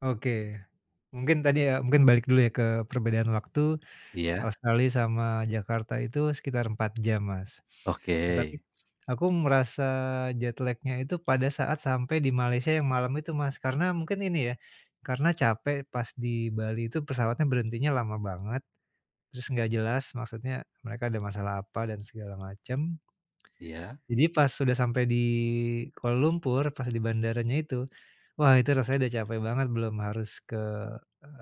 Oke. Mungkin tadi ya, mungkin balik dulu ya ke perbedaan waktu, Iya. Australia sama Jakarta itu sekitar 4 jam Mas. E Oke. tapi aku merasa jet lag-nya itu pada saat sampai di Malaysia yang malam itu Mas. Karena mungkin ini ya, karena capek pas di Bali itu pesawatnya berhentinya lama banget, terus nggak jelas, maksudnya mereka ada masalah apa, dan segala macam, Iya. jadi pas sudah sampai di Kuala lumpur, pas di bandaranya itu, wah itu rasanya udah capek banget, belum harus ke,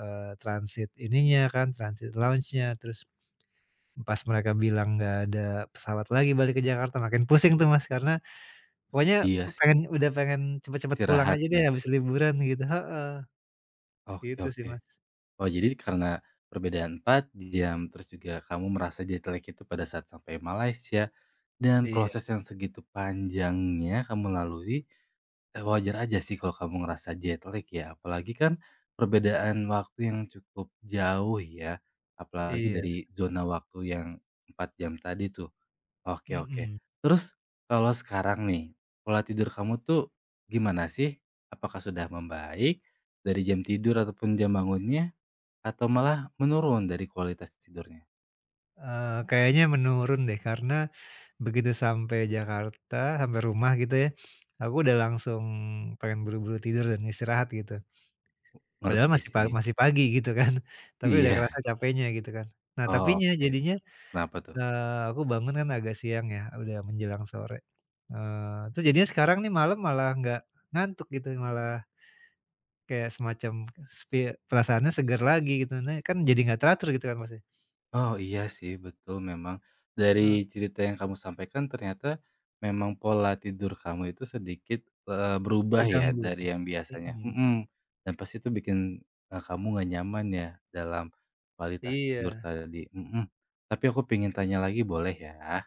eee, transit ininya kan, transit lounge-nya, terus, pas mereka bilang nggak ada pesawat lagi balik ke Jakarta, makin pusing tuh Mas. Karena, pokoknya Iya pengen, sih. udah pengen cepet-cepet pulang Istirahat aja deh ya. habis liburan gitu heeh. Oke Gitu sih oke. Mas. Oh jadi karena perbedaan 4 jam terus juga kamu merasa jet lag itu pada saat sampai Malaysia, dan Iya. proses yang segitu panjangnya kamu lalui, eee, wajar aja sih kalau kamu ngerasa jet lag ya, apalagi kan, perbedaan waktu yang cukup jauh ya, apalagi Iya. dari zona waktu yang, 4 jam tadi tuh. Oke oke, Mhm. terus, kalau sekarang nih, pola tidur kamu tuh gimana sih? Apakah sudah membaik dari jam tidur ataupun jam bangunnya? Atau malah menurun dari kualitas tidurnya? Eee, kayaknya menurun deh, karena, begitu sampai Jakarta, sampai rumah gitu ya, aku udah langsung pengen buru-buru tidur dan istirahat gitu, padahal Ngerti masih pa sih. masih pagi gitu kan, tapi udah Iya. kerasa capeknya gitu kan. Nah tapinya, Oke, jadinya, kenapa tuh? eee, aku bangun kan agak siang ya udah menjelang sore, eee, terus jadinya sekarang nih malam malah nggak ngantuk gitu, malah kayak semacam spi perasaannya seger lagi gitu, nih kan jadi enggak teratur gitu kan Mas ya. Oh iya sih, betul memang. Dari E cerita yang kamu sampaikan ternyata, memang pola tidur kamu itu sedikit, eee, berubah ya Terganggu. dari yang biasanya Mhm. hmm, dan pasti itu bikin, eee, kamu nggak nyaman ya dalam kualitas tidur Iya. tadi mhm, tapi aku pingin tanya lagi boleh ya?